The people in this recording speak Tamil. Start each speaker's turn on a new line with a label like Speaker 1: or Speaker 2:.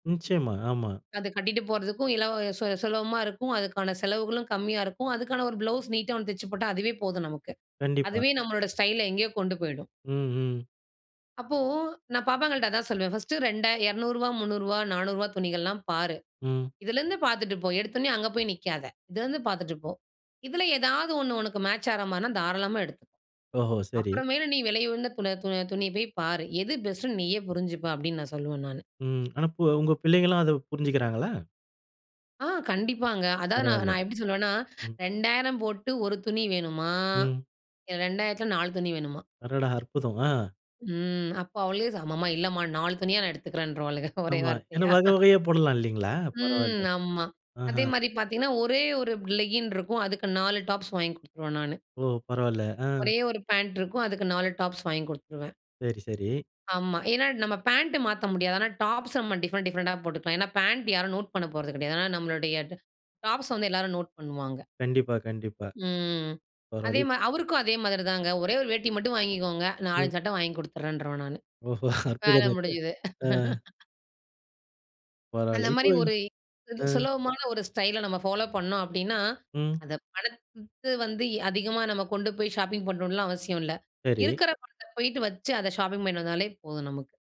Speaker 1: நிச்சயமா. ஆமா.
Speaker 2: அது கட்டிட்டு போறதுக்கும், இலவ சு சுலபமா இருக்கும். அதுக்கான செலவுகளும் கம்மியா இருக்கும். அதுக்கான ஒரு ப்ளவுஸ் நீட்டா ஒண்ணு தெச்சு போட்டா, அதுவே போதும் நமக்கு.
Speaker 1: கண்டிப்பா.
Speaker 2: அதுவே நம்மளோட ஸ்டைல, எங்கேயோ கொண்டு போயிடும்.
Speaker 1: ம். ம்.
Speaker 2: அப்போ நான் பாப்பாங்கள்ட அதான் சொல்வேன். பர்ஸ்ட் ரெண்டா 200 ரூபாய், 300 ரூபாய், 400 ரூபாய் துணிகள்லாம் பாரு.
Speaker 1: ம்.
Speaker 2: இதில இருந்து பார்த்துட்டு போ. எடுத்த உடனே அங்க போய் நிக்காத. இதில இருந்து பார்த்துட்டு போ. இதில ஏதாவது 1 உனக்கு மேட்ச் ஆற மாரினா தாராளமா எடுத்துக்கொ.
Speaker 1: ஓஹோ! சரி.
Speaker 2: அப்புறமேல் நீ விலை உயர்ந்த துண துணிய போய் பாரு. எது பெஸ்ட்னு நீயே புரிஞ்சுப்ப அப்டினு நான் சொல்வேன் நானு.
Speaker 1: ம். ஆனா, பொ உங்க பிள்ளைகள்லாம் அத புரிஞ்சுக்கிறாங்களா?
Speaker 2: ஆ, கண்டிப்பாங்க. அதாவது நான்
Speaker 1: பரவாயில்ல,
Speaker 2: நான் எப்டி சொல்லுவேன்னா
Speaker 1: ம்.
Speaker 2: 2000 போட்டு ஒரு துணி வேணுமா?
Speaker 1: ம்.
Speaker 2: 2000 4 துணி வேணுமா?
Speaker 1: அடடா! அற்புதம். ஆ.
Speaker 2: ம். அப்ப அவளே "அம்மா இல்லைம்மா, நாலு துணியா நான் எடுத்துக்கிறேன்றுவாளுக" ஒரே
Speaker 1: ஆமா, ஏன்னா
Speaker 2: வார்த்தையா.
Speaker 1: வகை, வகையா போடலாம் இல்லைங்களா?
Speaker 2: ம்.
Speaker 1: பரவாயில்ல
Speaker 2: ஆமா
Speaker 1: ஆஹ.
Speaker 2: அதே மாரி பார்த்திங்கன்னா, ஒரே 1 லெகின் இருக்கும். அதுக்கு 4 டாப்ஸ் வாங்கி குடுத்துருவேன் நானு.
Speaker 1: ஓ! பரவாயில்ல. ஆ.
Speaker 2: ஒரே 1 பேண்ட் இருக்கும். அதுக்கு 4 டாப்ஸ் வாங்கி குடுத்துருவேன்.
Speaker 1: சரி, சரி.
Speaker 2: ஆமா. ஏனா, நம்ம பேண்ட் மாத்த முடியாது. ஆனா, டாப்ஸ நம்ம டிஃபரென்ட், டிப்ரெண்டா போட்டுக்கலாம். ஏனா, பேண்ட் யாரும் நோட் பண்ண போறது கிடையாது. ஏனா, நம்மளுடைய டாப்ஸ வந்து எல்லாரும் நோட் பண்ணுவாங்க.
Speaker 1: கண்டிப்பா, கண்டிப்பா.
Speaker 2: ம். அதே
Speaker 1: பரவாயில்.
Speaker 2: மாரி, அவருக்கும் அதே மாதிரி தாங்க, ஒரே ஒரு வேட்டி மட்டும் வாங்கிக்கோங்க,
Speaker 1: ம்.
Speaker 2: நாலஞ்சு சட்டை வாங்கிக் குடுத்துட்றேன்றுவேன் நானு.
Speaker 1: ஓஹோ!
Speaker 2: வேல
Speaker 1: அற்புதமாச்சே.
Speaker 2: முடிஞ்சது.
Speaker 1: ஆ.
Speaker 2: அந்த
Speaker 1: பரவாயில்ல, இப்போ
Speaker 2: மாரி ஒரு சு
Speaker 1: ஆ.
Speaker 2: சுலபமான ஒரு ஸ்டைல நம்ம ஃபாலோ பண்ணோம் அப்டின்னா,
Speaker 1: ம்.
Speaker 2: அந்த பணத்த வந்து எ அதிகமா நம்ம கொண்டு போய் ஷாப்பிங் பண்ணணும்லா அவசியம் இல்ல,
Speaker 1: சரி.
Speaker 2: இருக்கிற பணத்த போயிட்டு வச்சு அத ஷாப்பிங் பண்ணிட்டு வந்தாலே போதும் நமக்கு.